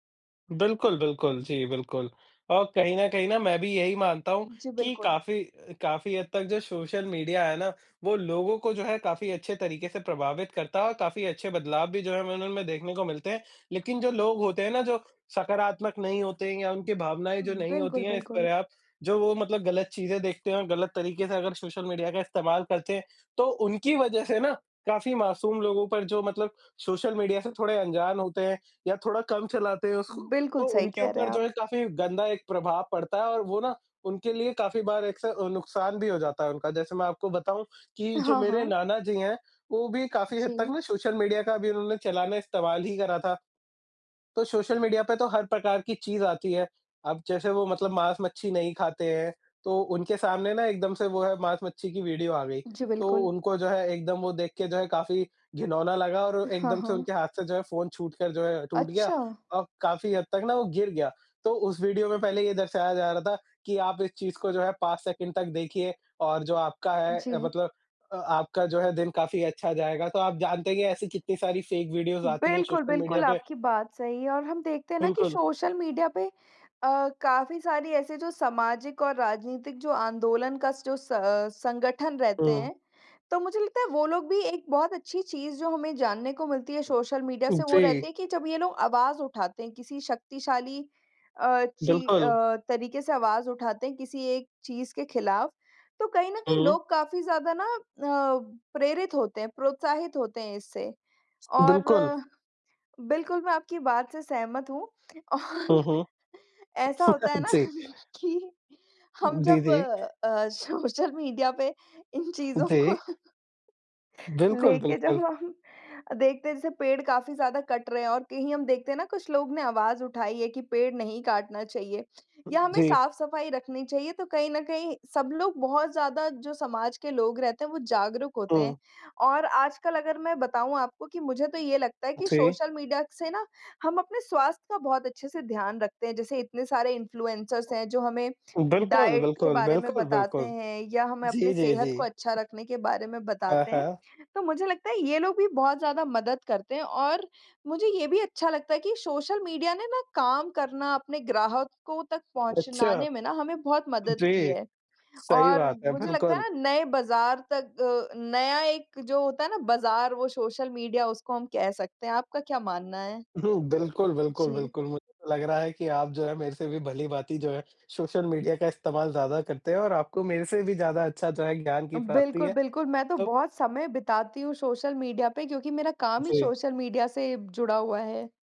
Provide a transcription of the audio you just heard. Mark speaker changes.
Speaker 1: बिल्कुल, बिल्कुल। जी, बिल्कुल। और कहीं न कहीं ना मैं भी यही मानता हूँ
Speaker 2: जी,
Speaker 1: कि
Speaker 2: बिल्कुल।
Speaker 1: काफ़ी काफ़ी हद तक जो सोशल मीडिया है ना वो लोगों को जो है काफ़ी अच्छे तरीके से प्रभावित करता है और काफ़ी अच्छे बदलाव भी जो हैं हमें उनमें देखने को मिलते हैं। लेकिन जो लोग होते हैं ना जो सकारात्मक नहीं होते हैं या उनकी भावनाएँ जो नहीं
Speaker 2: बिल्कुल,
Speaker 1: होती हैं इस
Speaker 2: बिल्कुल।
Speaker 1: पर्याप्त जो वो मतलब गलत चीज़ें देखते हैं और गलत तरीके से अगर सोशल मीडिया का इस्तेमाल करते हैं, तो उनकी वज़ह से ना, काफ़ी मासूम लोगों पर जो मतलब सोशल मीडिया से थोड़े अंजान होते हैं या थोड़ा कम चलाते हैं उसको
Speaker 2: बिल्कुल
Speaker 1: तो
Speaker 2: सही
Speaker 1: उनके
Speaker 2: कह रहे
Speaker 1: ऊपर
Speaker 2: हैं
Speaker 1: जो
Speaker 2: आप।
Speaker 1: है काफ़ी गन्दा एक प्रभाव पड़ता है और वो ना उनके लिए काफ़ी बार एक स नुकसान भी हो जाता है उनका। जैसे मैं आपको बताऊँ कि जो
Speaker 2: हाँ,
Speaker 1: मेरे
Speaker 2: हाँ।
Speaker 1: नाना जी हैं वो भी काफ़ी हद तक
Speaker 2: जी।
Speaker 1: ना सोशल मीडिया का भी उन्होंने चलाना इस्तेमाल ही करा था। तो सोशल मीडिया पे तो हर प्रकार की चीज़ आती है। अब जैसे वो मतलब माँस-मच्छी नहीं खाते हैं तो उनके सामने ना एकदम से वो है माँस-मच्छी की वीडियो आ गई।
Speaker 2: जी,
Speaker 1: तो
Speaker 2: बिल्कुल।
Speaker 1: उनको जो है एकदम वो देख के जो है काफ़ी घिनौना लगा और
Speaker 2: हाँ,
Speaker 1: एकदम से
Speaker 2: हाँ।
Speaker 1: उनके हाथ से जो है फ़ोन छूटकर जो है टूट गया,
Speaker 2: अच्छा।
Speaker 1: और काफ़ी हद तक ना वो गिर गया। तो उस वीडियो में पहले ये दर्शाया जा रहा था कि आप इस चीज़ को जो है 5 सेकंड तक देखिए और जो आपका है अ,
Speaker 2: जी।
Speaker 1: मतलब अ, आपका जो है दिन काफ़ी अच्छा जाएगा। तो आप जानते हैं कि ऐसी कितनी सारी फ़ेक वीडियोज़ आती हैं
Speaker 2: बिल्कुल,
Speaker 1: सोशल मीडिया
Speaker 2: बिल्कुल
Speaker 1: पे।
Speaker 2: आपकी बात सही है और हम देखते हैं ना कि
Speaker 1: बिल्कुल।
Speaker 2: सोशल मीडिया पे अ, काफ़ी सारी ऐसे जो सामाजिक और राजनीतिक जो आंदोलन का जो स संगठन रहते
Speaker 1: हुँ।
Speaker 2: हैं तो मुझे लगता है वो लोग भी एक बहुत अच्छी चीज़ जो हमें जानने को मिलती है सोशल मीडिया से वो रहते
Speaker 1: जी।
Speaker 2: हैं कि जब ये लोग आवाज़ उठाते हैं किसी शक्तिशाली अ, ची
Speaker 1: बिल्कुल।
Speaker 2: अ, तरीके से आवाज़ उठाते हैं किसी एक चीज़ के खिलाफ तो कहीं न कहीं
Speaker 1: हुँ।
Speaker 2: लोग काफ़ी ज़्यादा ना अ, प्रेरित होते हैं प्रोत्साहित होते हैं इससे। और
Speaker 1: बिल्कुल।
Speaker 2: बिल्कुल मैं आपकी बात से सहमत हूँ। और
Speaker 1: हुँ, हुँ।
Speaker 2: ऐसा होता है ना
Speaker 1: जी।
Speaker 2: कि हम जब
Speaker 1: दीदी।
Speaker 2: अ, सोशल मीडिया पे इन चीज़ों को
Speaker 1: देख। बिल्कुल,
Speaker 2: लेके जब
Speaker 1: बिल्कुल।
Speaker 2: अब हम देखते हैं जैसे पेड़ काफ़ी ज़्यादा कट रहे हैं और कहीं हम देखते हैं ना कुछ लोग ने आवाज़ उठाई है कि पेड़ नहीं काटना चाहिए। या हमें
Speaker 1: जी।
Speaker 2: साफ-सफाई रखनी चाहिए तो कहीं न कहीं सब लोग बहुत ज़्यादा जो समाज के लोग रहते हैं वो जागरूक होते हैं।
Speaker 1: हुँ।
Speaker 2: और आजकल अगर मैं बताऊँ आपको कि मुझे तो ये लगता है कि
Speaker 1: जी।
Speaker 2: सोशल मीडिया से ना हम अपने स्वास्थ्य का बहुत अच्छे से ध्यान रखते हैं जैसे इतने सारे इन्फ्लुएंसर्स हैं जो हमें
Speaker 1: बिल्कुल,
Speaker 2: डाइट के
Speaker 1: बिल्कुल,
Speaker 2: बारे में
Speaker 1: बिल्कुल,
Speaker 2: बताते
Speaker 1: बिल्कुल।
Speaker 2: हैं या हमें अपनी
Speaker 1: जी, जी,
Speaker 2: सेहत
Speaker 1: जी।
Speaker 2: को अच्छा रखने के बारे में
Speaker 1: हाँ,
Speaker 2: बताते हैं।
Speaker 1: हाँ।
Speaker 2: तो मुझे लगता है ये लोग भी बहुत ज़्यादा मदद करते हैं और, मुझे ये भी अच्छा लगता है कि सोशल मीडिया ने ना काम करना अपने ग्राहकों तक
Speaker 1: अच्छा।
Speaker 2: पहुँचाने में ना हमें बहुत मदद की
Speaker 1: जी।
Speaker 2: है।
Speaker 1: सही
Speaker 2: और
Speaker 1: बात है,
Speaker 2: मुझे लगता
Speaker 1: बिल्कुल।
Speaker 2: है ना नए बाज़ार तक अ, नया एक जो होता है ना बाज़ार वो सोशल मीडिया उसको हम कह सकते हैं। आपका क्या मानना है?
Speaker 1: बिल्कुल, बिल्कुल,
Speaker 2: जी।
Speaker 1: बिल्कुल। मुझे तो लग रहा है कि आप जो है मेरे से भी भली-भांति जो है सोशल मीडिया का इस्तेमाल ज़्यादा करते हैं और आपको मेरे से भी ज़्यादा अच्छा जो है ज्ञान की प्राप्ति
Speaker 2: बिल्कुल,
Speaker 1: है,
Speaker 2: बिल्कुल। मैं तो
Speaker 1: तो
Speaker 2: बहुत समय बिताती हूँ सोशल मीडिया पे क्योंकि मेरा काम ही
Speaker 1: जी।
Speaker 2: सोशल मीडिया से जुड़ा हुआ है।